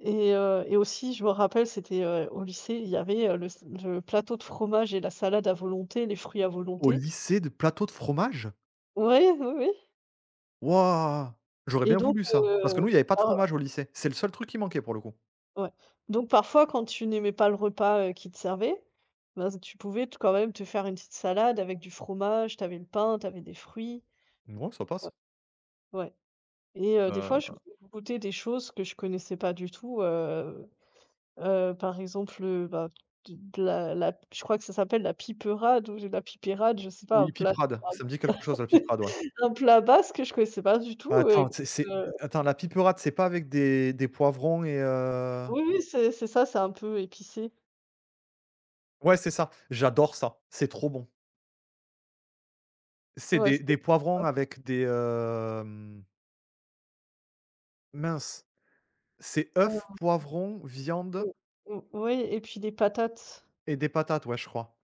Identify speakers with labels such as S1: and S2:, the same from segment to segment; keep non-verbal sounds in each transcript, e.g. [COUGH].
S1: Et heu, et aussi, je me rappelle, c'était, heu, au lycée, il y avait, heu, le s le plateau de fromages et la salade à volonté, les fruits à
S2: Au
S1: volonté.
S2: lycée? De plateau de fromages?
S1: Ouais, oui, oui.
S2: Waouh! J'aurais
S1: Et
S2: bien
S1: donc
S2: voulu ça, parce que,
S1: heu,
S2: nous, il y avait pas de
S1: en
S2: fromage au lycée. C'est le seul truc qui manquait pour le coup.
S1: Ouais, donc parfois, quand tu n'aimais pas le repas, heu, qu'ils te servaient, ben, tu pouvais quand même te faire une petite salade avec du fromage, tu avais le pain, tu avais des fruits.
S2: Non, ça passe.
S1: Ouais. Ouais, et heu, des fois je
S2: Heu
S1: je goûtais des choses que je connaissais pas du tout, heu heu, par exemple, heu, ben, de de la la je crois que ça s'appelle la piperade ou je la pipérade, je sais pas, un
S2: Oui,
S1: plat de
S2: piperade, ça me dit quelque
S1: [UNINTELLIGIBLE]
S2: chose, la piperade, ouais.
S1: [LAUGHS] un plat basque que je connaissais pas du tout,
S2: Heu,
S1: heu, et
S2: attends,
S1: que,
S2: c'est c'est
S1: heu
S2: attends, la piperade, c'est pas avec des des poivrons et heu?
S1: Oui, oui, c'est c'est ça, c'est un peu épicé.
S2: Ouais, c'est ça! J'adore ça! C'est trop bon! C'est
S1: Ouais,
S2: des
S1: c'est
S2: des poivrons,
S1: [UNINTELLIGIBLE]
S2: avec des, hem mince, c'est
S1: Hem,
S2: œuf, poivron, viande
S1: mmh mh, oui et puis des patates.
S2: et des patates, ouais, je crois.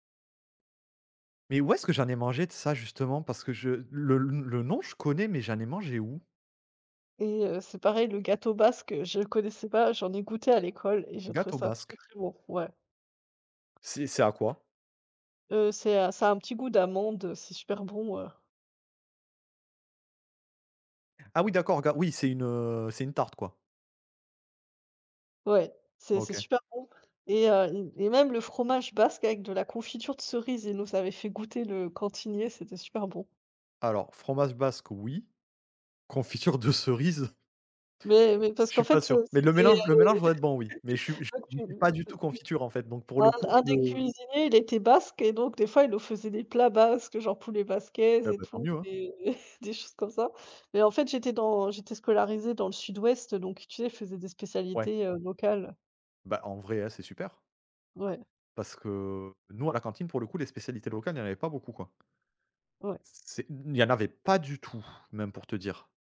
S2: Mais où est-ce que j'en ai mangé de ça, justement? Parce que je le n le nom, je connais, mais j'en ai mangé où?
S1: Et heu, c'est pareil, le gâteau basque, je connaissais pas, j'en ai goûté à l'école et j'ai trouvé
S2: Gâteau
S1: ça très
S2: basque?
S1: très bon, ouais.
S2: C'est c'est à quoi?
S1: Heu, c'est à ça a un petit goût d'amande, c'est super bon, heu.
S2: Ah oui, d'accord, ga oui, c'est une, heu, c'est une tarte, quoi?
S1: Ouais, c'est c'est
S2: OK.
S1: super bon, et hem, et même le fromage basque, avec de la confiture de cerises, il nous avait fait goûter le cantinier. C'était super bon.
S2: Alors, fromage basque, oui, confiture de cerise?
S1: Mais mais parce
S2: Je
S1: qu'en
S2: suis pas
S1: fait, heu,
S2: sûr, mais le
S1: c'était
S2: mélange le mélange doit être bon oui, mais je suis je suis pas
S1: [UNINTELLIGIBLE]
S2: du tout
S1: [LAUGHS] [UNINTELLIGIBLE]
S2: confiture, en fait, donc pour
S1: un
S2: le coup
S1: un
S2: je
S1: des cuisiniers, il était basque et donc des fois, il nous faisait des plats basques, genre poulet basquaise
S2: Eh
S1: et
S2: ben, tant
S1: tout,
S2: mieux, hein.
S1: et des choses comme ça, mais en fait, j'étais dans j'étais scolarisée dans le sud-ouest donc tu sais, ils faisaient des
S2: Ouais.
S1: spécialités, heu, locales.
S2: Ben, en vrai, heu, c'est super.
S1: Ouais.
S2: Parce que, nous, à la cantine, pour le coup, les spécialités locales, il y en avait pas beaucoup quoi.
S1: Ouais.
S2: C'est il n'y en avait pas du tout, même, pour te dire.